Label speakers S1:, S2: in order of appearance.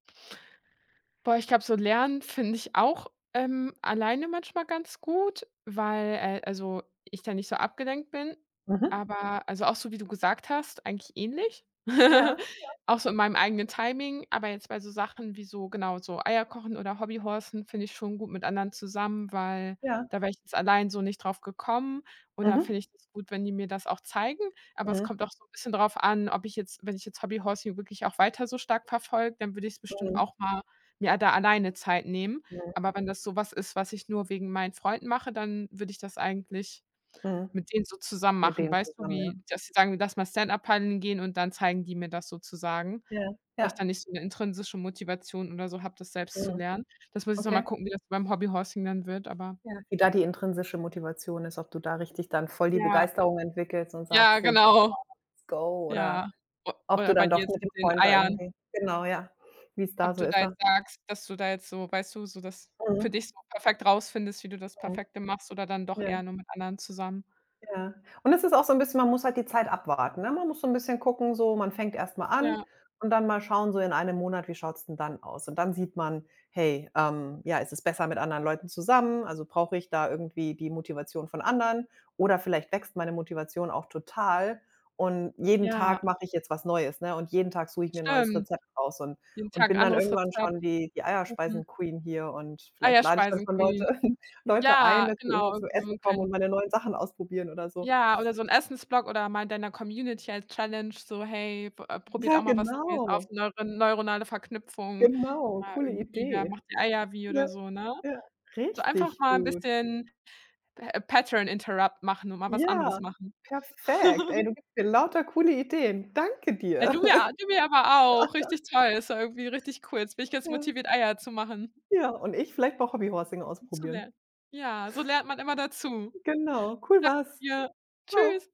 S1: Boah, ich glaube, so lernen finde ich auch, ähm, alleine manchmal ganz gut, weil äh, also, ich da nicht so abgelenkt bin.
S2: Mhm.
S1: Aber, also, auch so wie du gesagt hast, eigentlich ähnlich.
S2: Ja, ja.
S1: Auch so in meinem eigenen Timing, aber jetzt bei so Sachen wie so, genau, so Eier kochen oder Hobby-horsen finde ich schon gut mit anderen zusammen, weil
S2: Ja.
S1: da wäre ich jetzt allein so nicht drauf gekommen und da finde
S2: Mhm.
S1: ich das gut, wenn die mir das auch zeigen. Aber es
S2: Mhm.
S1: kommt auch so 'n bisschen drauf an, ob ich jetzt wenn ich jetzt Hobby Horsing hier wirklich auch weiter so stark verfolge, dann würde ich's bestimmt
S2: Mhm.
S1: auch mal mir da alleine Zeit nehmen,
S2: Mhm.
S1: aber wenn das so was ist, was ich nur wegen meinen Freunden mache, dann würde ich das eigentlich
S2: Mhm.
S1: mit denen so zusammen
S2: Mit
S1: machen.
S2: denen
S1: Weißt du,
S2: zusammen, ja.
S1: wie, dass sie sagen: „Lass mal Stand-up Paddeln gehen,“ und dann zeigen die mir das sozusagen.
S2: Ja,
S1: Weil ich da
S2: ja.
S1: nicht so 'ne intrinsische Motivation oder so habe, das selbst zu
S2: Mhm.
S1: lernen. Das muss ich noch mal
S2: Okay.
S1: gucken, wie das beim Hobby Horsing dann wird, aber
S2: Ja, wie da die intrinsische Motivation ist, ob du da richtig dann voll die
S1: Ja.
S2: Begeisterung entwickelst und
S1: Ja,
S2: sagst so: „Boah,
S1: genau.
S2: let's go”, oder
S1: Ja. o
S2: ob
S1: oder
S2: du
S1: bei
S2: dann
S1: dir
S2: doch
S1: jetzt
S2: mit
S1: mit
S2: dem
S1: den
S2: Freund da
S1: Eiern.
S2: irgendwie genau, ja, wie's da
S1: Ob
S2: so
S1: du
S2: ist
S1: da
S2: dann.
S1: jetzt sagst, dass du da jetzt so, weißt du, so das für dich
S2: Mhm.
S1: so perfekt rausfindest, wie du das
S2: Mhm.
S1: perfekte machst oder dann doch
S2: Ja.
S1: eher nur mit anderen zusammen.
S2: Ja. Und es ist auch so 'n bisschen man muss halt die Zeit abwarten, ne? Man muss so 'n bisschen gucken so, man fängte erstmal an
S1: Ja.
S2: und dann mal schauen so in einem Monat, wie schaut's denn dann aus? Und dann sieht man, hey, ähm ja, ist es besser mit anderen Leuten zusammen? Also, brauche ich da irgendwie die Motivation von anderen? Oder vielleicht wächst meine Motivation auch total und jeden
S1: Ja.
S2: Tag mache ich jetzt was Neues, ne? Und jeden Tag suche ich mir 'n neues
S1: Stimmt.
S2: Rezept raus und
S1: Jeden
S2: und
S1: Tag
S2: bin dann
S1: anderes
S2: irgendwann
S1: Rezept,
S2: schon die die
S1: Kuchen
S2: Eierspeisen-Queen hier und vielleicht lade ich dann schon Leute
S1: Eierspeisen-Queen
S2: Leute ein,
S1: Ja,
S2: dass die immer
S1: genau,
S2: zum
S1: irgendwie so
S2: Essen
S1: 'n
S2: kommen
S1: klein
S2: und meine neuen Sachen ausprobieren oder so.
S1: Ja, oder so 'n Essens-Blog oder mal in deiner Community als Challenge so: „Hey, b äh, probiert
S2: Ja,
S1: auch mal was Neues aus,
S2: genau.
S1: neure neuronale Verknüpfung.”
S2: Genau,
S1: Ja,
S2: coole
S1: irgendwie, ja:
S2: Idee.
S1: „Macht die Eier wie“
S2: Ja,
S1: oder so, ne?
S2: ja.
S1: So einfach
S2: Richtig
S1: mal 'n
S2: gut.
S1: bisschen P Pattern Interrupt machen und mal was anderes
S2: Ja,
S1: machen.
S2: perfekt. Ey, du gibst mir lauter coole Ideen. Danke
S1: Ey,
S2: dir.
S1: du mir a du mir aber auch. Richtig toll. Das war irgendwie richtig cool. Jetzt bin ich jetzt
S2: Ja.
S1: motiviert, Eier zu machen.
S2: Ja, und ich vielleicht mal Hobby Horsing
S1: Und zu
S2: ausprobieren.
S1: lernen. Ja, so lernt man immer dazu. Danke
S2: Genau, cool war's.
S1: dir.
S2: Tschau.
S1: Tschüss